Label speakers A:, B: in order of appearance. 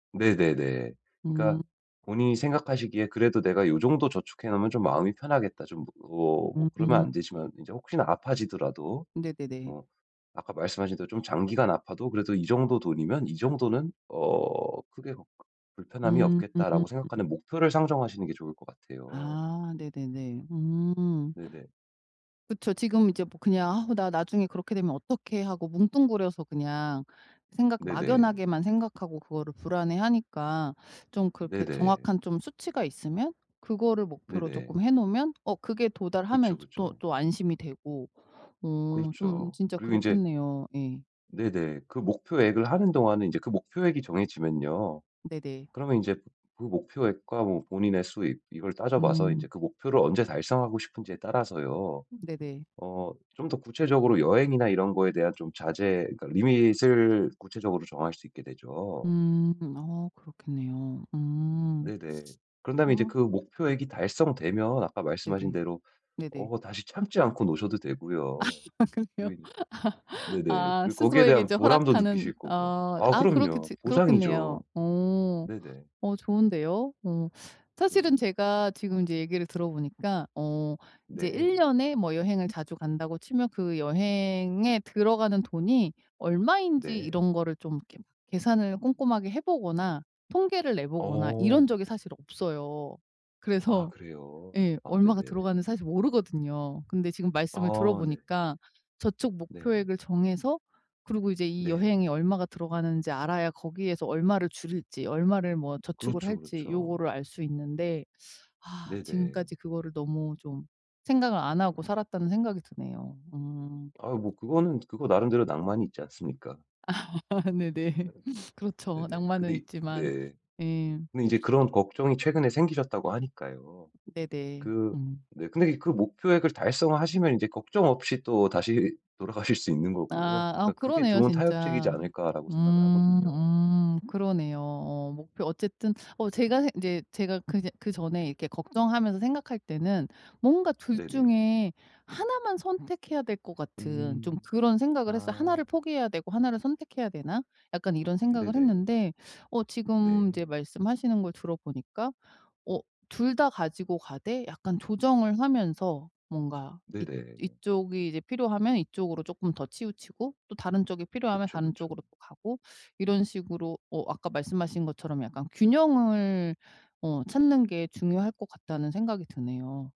A: 네네네. 그러니까
B: 음.
A: 본인이 생각하시기에 '그래도 내가 요 정도 저축해 놓으면 좀 마음이 편하겠다.' 좀 어 뭐 그러면
B: 음.
A: 안 되지만 이제 혹시나 아파지더라도
B: 네네네.
A: 어 아까 말씀하신 대로 '좀 장기간 아파도 그래도 이 정도 돈이면 이 정도는 어 크게 걱 불편함이
B: 음.
A: 없겠다.'라고 생각하는 목표를 상정하시는 게 좋을 것 같아요.
B: 아 네네네. 음.
A: 네네.
B: 그쵸. 지금 이제 뭐 그냥 '아 나 나중에 그렇게 되면 어떡해.' 하고 뭉뚱그려서 그냥 생각
A: 네네.
B: 막연하게만 생각하고 그거를 불안해하니까 좀 그렇게
A: 네네.
B: 정확한 좀 수치가 있으면 그거를 목표로
A: 네네.
B: 쪼끔 해 놓으면 어 그게 도달하면
A: 그쵸,
B: 이제 또
A: 그쵸.
B: 또 안심이 되고 어 좀
A: 그렇죠.
B: 진짜
A: 그리고 인제
B: 그렇겠네요. 예.
A: 네네. 그 목표액을 하는 동안은 이제 그 목표액이 정해지면요
B: 네네.
A: 그러면 이제 그 목표액과 뭐 본인의 수익 이걸 따져봐서
B: 음.
A: 이제 그 목표를 언제 달성하고 싶은지에 따라서요
B: 음 네네.
A: 어 좀 더 구체적으로 여행이나 이런 거에 대한 좀 자제 그러니까 리밋을 구체적으로 정할 수 있게 되죠.
B: 음. 아 그렇겠네요. 음.
A: 네네. 그런 다음에 이제
B: 아.
A: 그 목표액이 달성되면 아까 말씀하신
B: 네네.
A: 대로
B: 네네.
A: 어 다시 참지 않고 노셔도 되고요.
B: 아 그래요?
A: 그리 네네.
B: 아. 아
A: 그리고 거기에
B: 스스로에게
A: 대한
B: 이제
A: 보람도
B: 허락하는
A: 느끼실 거고
B: 어
A: 아
B: 아
A: 그럼요.
B: 그렇겠지 그렇겠네요.
A: 보상이죠.
B: 어.
A: 네네.
B: 어 좋은데요. 어.
A: 네네.
B: 사실은 제가 지금 이제 얘기를 들어보니까 어 이제 1
A: 네.
B: 년에 뭐 여행을 자주 간다고 치면 그 여행에 들어가는 돈이 얼마인지
A: 네.
B: 이런 거를 좀 이렇게 계산을 꼼꼼하게 해보거나 통계를 내보거나 이런
A: 어.
B: 적이 사실 없어요.
A: 아
B: 그래서
A: 그래요?
B: 예
A: 아
B: 얼마가
A: 네네.
B: 들어가는지 사실 모르거든요. 근데 지금 말씀을
A: 아 네.
B: 들어보니까 저축
A: 네.
B: 목표액을 정해서 그리고 이제 이
A: 네.
B: 여행이 얼마가 들어가는지 알아야 거기에서 얼마를 줄일지 얼마를 뭐 저축을
A: 그렇죠
B: 할지
A: 그렇죠.
B: 요거를 알 수 있는데 아
A: 네네.
B: 지금까지 그거를 너무 좀 생각을 안 하고 살았다는 생각이 드네요. 음.
A: 아 뭐 그거는 그거 나름대로 낭만이 있지 않습니까?
B: 아 네네. 그렇죠.
A: 네네. 근데
B: 낭만은
A: 이
B: 있지만
A: 네.
B: 예.
A: 근데 이제 그런 걱정이 최근에 생기셨다고 하니까요.
B: 네네.
A: 그
B: 음.
A: 네 근데 이 그 목표액을 달성하시면 이제 걱정 없이 또다시 돌아가실 수 있는 거고요.
B: 아, 아
A: 그러니까 '그게
B: 그러네요
A: 좋은 타협책이지
B: 진짜.
A: 않을까.'라고 생각을
B: 음
A: 하거든요.
B: 음 그러네요. 어 목표 어쨌든 어 제가 생 인제 제가 그냥 그전에 이렇게 걱정하면서 생각할 때는 뭔가 2
A: 네네.
B: 중에 1 만 선택해야 될 것 같은 좀
A: 음.
B: 그런 생각을 했어요.
A: 아.
B: '1를 포기해야 되고 1를 선택해야 되나?' 약간 이런 생각을
A: 네네.
B: 했는데 어 지금 이제
A: 네.
B: 말씀하시는 걸 들어보니까 어 2 다 가지고 가되 약간 조정을 하면서 뭔가 이
A: 네네.
B: 이쪽이 이제 필요하면 이쪽으로 쪼끔 더 치우치고 또 다른 쪽이 필요하면
A: 그쵸,
B: 다른 쪽으로
A: 그쵸.
B: 또 가고 이런 식으로 어 아까 말씀하신 것처럼 약간 균형을 어 찾는 게 중요할 것 같다는 생각이 드네요.